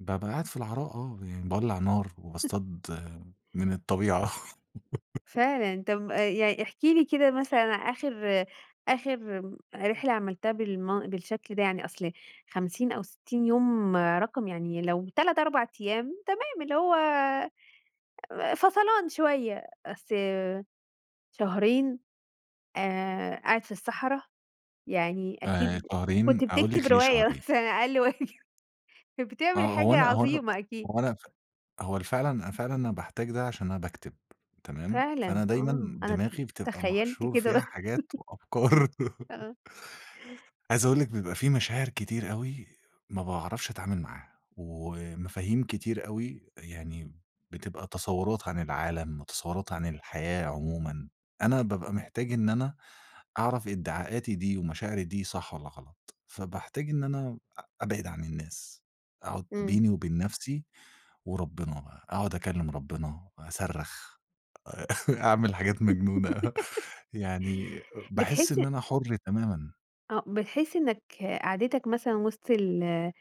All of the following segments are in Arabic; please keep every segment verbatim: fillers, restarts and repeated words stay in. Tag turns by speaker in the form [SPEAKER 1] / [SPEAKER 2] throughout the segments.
[SPEAKER 1] بابقى قاعد في العراء آه، يعني باولع نار وباصطاد من الطبيعة.
[SPEAKER 2] فعلًا طب آآ يع احكِ لي كده مثلًا آخر آخر آمم، رحلة عملتها بالم بالشكل ده يعني أصل خمسين أو ستين يوم، رقم يعني لو تَلَت، أربع أيام تمام اللي هو آآ فَصَلان شوية، أصل شهرين؟! آآ قاعد في الصحرا؟ يعني
[SPEAKER 1] آآ،
[SPEAKER 2] أكيد
[SPEAKER 1] شهرين،
[SPEAKER 2] كنت
[SPEAKER 1] أقول
[SPEAKER 2] بتكتب
[SPEAKER 1] لِك ليه
[SPEAKER 2] رواية
[SPEAKER 1] شهرين.
[SPEAKER 2] مثلًا أقل واجب، كان بتعمل
[SPEAKER 1] آه، هو
[SPEAKER 2] حاجة
[SPEAKER 1] أنا هو أنا
[SPEAKER 2] عظيمة أكيد
[SPEAKER 1] هو أنا فع هو أنا فعلًا، أنا فعلًا أنا باحتاج ده عشان أنا باكتب، تمام؟
[SPEAKER 2] فعلًا!
[SPEAKER 1] فأنا دايمًا
[SPEAKER 2] آه، أنا ت
[SPEAKER 1] دماغي بتبقى
[SPEAKER 2] تخيلت
[SPEAKER 1] محشور
[SPEAKER 2] كده
[SPEAKER 1] فيها
[SPEAKER 2] بس
[SPEAKER 1] حاجات وأفكار.
[SPEAKER 2] آه.
[SPEAKER 1] عايز أقول لِك، بيبقى في مشاعر كتير أوي ما باعرفش أتعامل معاها، ومفاهيم كتير أوي، يعني بتبقى تصورات عن العالم وتصورات عن الحياة عمومًا، أنا بابقى محتاج إن أنا أعرف إدعاءاتي دي ومشاعري دي صح والّا غلط، فباحتاج إن أنا أ أبعد عن الناس، أقعد
[SPEAKER 2] امم.
[SPEAKER 1] بيني وبين نفسي، وربنا بقى، أقعد أكلم ربنا، أصرخ أ أعمل حاجات مجنونة يعني باحس
[SPEAKER 2] بتحس
[SPEAKER 1] إن أنا حُر تمامًا.
[SPEAKER 2] آه، بتحس إنك قعدتك مثلًا وسط ال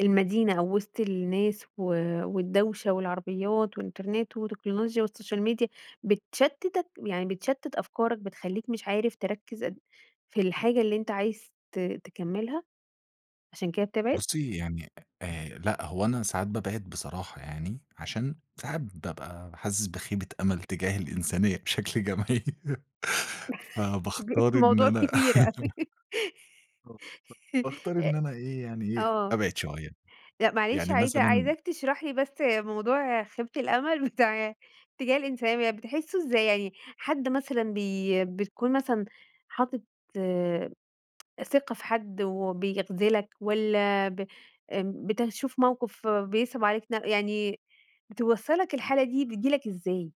[SPEAKER 2] المدينة أو وسط الناس و والدوشة والعربيات والإنترنت وتكنولوجيا والsocial media بتشتتَك يعني بتشتت أفكارك بتخلّيك مش عارف تركز أد في الحاجة اللي أنتَ عايز ت تكملها، عشان كده بتبعد؟
[SPEAKER 1] بُصّي يعني أ لأ، هو أنا ساعات بابعد بصراحة يعني عشان ساعات بابقى حاسس بخيبة أمل تجاه الإنسانية بشكل جماعي
[SPEAKER 2] كبير،
[SPEAKER 1] فباختار إن
[SPEAKER 2] الموضوع
[SPEAKER 1] أنا
[SPEAKER 2] كبير أوي
[SPEAKER 1] [unintelligible] باختار
[SPEAKER 2] أ
[SPEAKER 1] إن أنا إيه، يعني إيه،
[SPEAKER 2] آه.
[SPEAKER 1] أبعد شوية،
[SPEAKER 2] لأ، معلش
[SPEAKER 1] يعني
[SPEAKER 2] عايزة
[SPEAKER 1] مثلًا
[SPEAKER 2] عايزاك تشرح لي بس موضوع خيبة الأمل بتاع تجاه الإنسانية يعني بتحسه إزاي؟ يعني حد مثلًا بي بتكون مثلًا حاطط ثقة في حد وبيخذلك والّا ب بتشوف موقف بيصعب عليك ن يعني بتوصل لك الحالة دي، بتيجي لك إزاي؟